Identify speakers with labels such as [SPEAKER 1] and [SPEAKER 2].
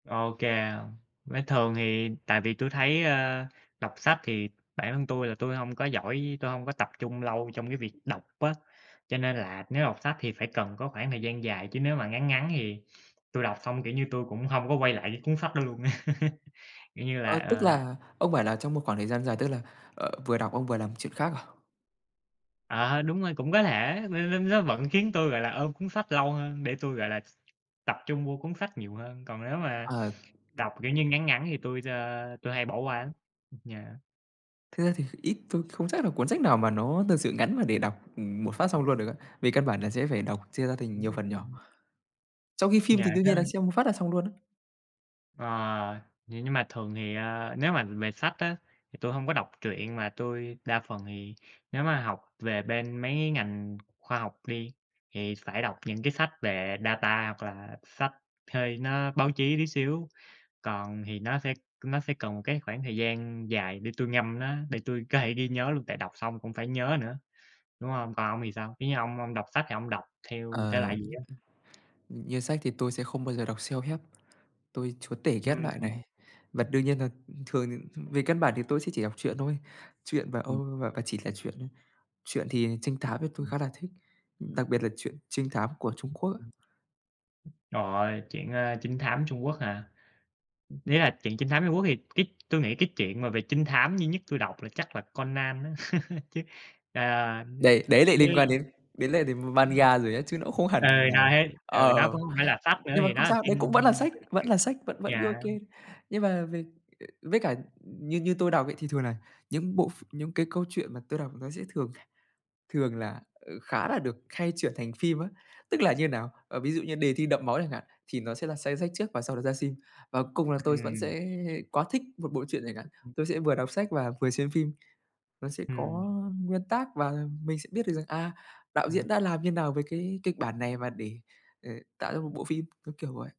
[SPEAKER 1] OK, với thường thì tại vì tui thấy, ơ, đọc sách thì bản thân tui là tui hông có giỏi, tôi hông có tập trung lâu trong cái việc đọc á, cho nên là nếu đọc sách thì phải cần có khoảng thời gian dài, chứ nếu mà ngắn ngắn thì tui đọc xong, kiểu như, tui cũng hông có quay lại cái cuốn sách đó luôn. Kiểu như là
[SPEAKER 2] Ờ, tức
[SPEAKER 1] ờ.
[SPEAKER 2] là ông bảo là trong một khoảng thời gian dài tức là, ờ, vừa đọc ông vừa làm chuyện khác à?
[SPEAKER 1] Ờ, đúng rồi, cũng có thể l l nó vẫn khiến tôi, gọi là, ôm cuốn sách lâu hơn, để tui, gọi là, tập trung vô cuốn sách nhiều hơn. Còn nếu mà
[SPEAKER 2] Ờ.
[SPEAKER 1] đọc, kiểu như, ngắn ngắn thì tôi, ờ, tui hay bỏ qua lắm. Ưm, yeah.
[SPEAKER 2] Thực ra thì ít, tôi không chắc là cuốn sách nào mà nó thật sự ngắn mà để đọc, ừm, một phát xong luôn được á, vì căn bản là sẽ phải đọc chia ra thành nhiều
[SPEAKER 1] Ừm,
[SPEAKER 2] phần nhỏ,
[SPEAKER 1] ừm.
[SPEAKER 2] trong khi phim thì
[SPEAKER 1] Dài
[SPEAKER 2] đương
[SPEAKER 1] ha?
[SPEAKER 2] nhiên là xem một phát là xong luôn á.
[SPEAKER 1] Ờ, vậy nhưng mà thường thì, à, nếu mà về sách á, thì tui hông có đọc truyện mà tui đa phần thì nếu mà học về bên mấy cái ngành khoa học đi, thì phải đọc những cái sách về data hoặc là sách thuê nó báo chí tí xíu. Còn thì nó sẽ nó sẽ cần một cái khoảng thời gian dài để tui ngâm nó, để tui có thể ghi nhớ luôn, tại đọc xong cũng phải nhớ nữa, đúng hông? Còn ông thì sao? Kiểu như ông ông đọc sách thì ông đọc theo thể
[SPEAKER 2] Ờ, ưm,
[SPEAKER 1] loại gì
[SPEAKER 2] ừm,
[SPEAKER 1] á?
[SPEAKER 2] ừm, như sách thì tôi sẽ không bao giờ đọc self-help, tôi chúa tể ghét loại
[SPEAKER 1] Ừm.
[SPEAKER 2] này. Và đương nhiên là, ừm, thường thì, ừm, về căn bản thì tôi sẽ chỉ đọc truyện thôi, truyện và, ơ,
[SPEAKER 1] Ừm.
[SPEAKER 2] và và chỉ là truyện thôi. Truyện thì trinh thám thì tôi
[SPEAKER 1] Ừm.
[SPEAKER 2] khá là thích, ưm, đặc biệt là truyện trinh thám của Trung
[SPEAKER 1] Ưm,
[SPEAKER 2] Quốc á.
[SPEAKER 1] ừm. Ừm, trời ơi, truyện, a, trinh thám Trung Quốc hả? Ưm, nếu là truyện trinh thám Trung Quốc thì cái tôi nghĩ cái chuyện mà về trinh thám duy nhất tui đọc là chắc là Conan á, chứ, à, ưm,
[SPEAKER 2] Đây, đấy lại liên
[SPEAKER 1] với
[SPEAKER 2] quan đến đến lại đến
[SPEAKER 1] Ừm.
[SPEAKER 2] manga rồi á, chứ nó cũng không
[SPEAKER 1] Ừ,
[SPEAKER 2] hẳn là
[SPEAKER 1] đấy, ừ, nó
[SPEAKER 2] ờ,
[SPEAKER 1] cũng hông phải là sách nữa
[SPEAKER 2] nhưng mà
[SPEAKER 1] thì nó
[SPEAKER 2] không
[SPEAKER 1] là
[SPEAKER 2] sao,
[SPEAKER 1] phim,
[SPEAKER 2] đấy cũng vẫn là
[SPEAKER 1] a,
[SPEAKER 2] sách,
[SPEAKER 1] từ truyện.
[SPEAKER 2] vẫn là sách vẫn vẫn cứ
[SPEAKER 1] Dạ.
[SPEAKER 2] OK. Nhưng mà về ờ, với cả, ưm, như như tôi đọc ấy, thì thường là những bộ ph những cái câu chuyện mà tôi đọc nó sẽ thường thường là, ờ, khá là được khai chuyển thành phim á, tức là như nào? Ờ, ví dụ như Đề thi đẫm máu chẳng hạn thì nó sẽ là s sách trước và sau đó ra sim. Ờ, cùng là tôi vẫn
[SPEAKER 1] Ừm.
[SPEAKER 2] sẽ quá thích một bộ truyện chẳng hạn,
[SPEAKER 1] Ừm.
[SPEAKER 2] tôi sẽ vừa đọc sách và vừa xem phim, nó sẽ có
[SPEAKER 1] Ừm.
[SPEAKER 2] nguyên tác và mình sẽ biết được rằng, à, đạo diễn
[SPEAKER 1] Ừm.
[SPEAKER 2] đã làm như nào với cái kịch bản này và để, ờ, tạo ra một bộ phim, ưm, kiểu vậy.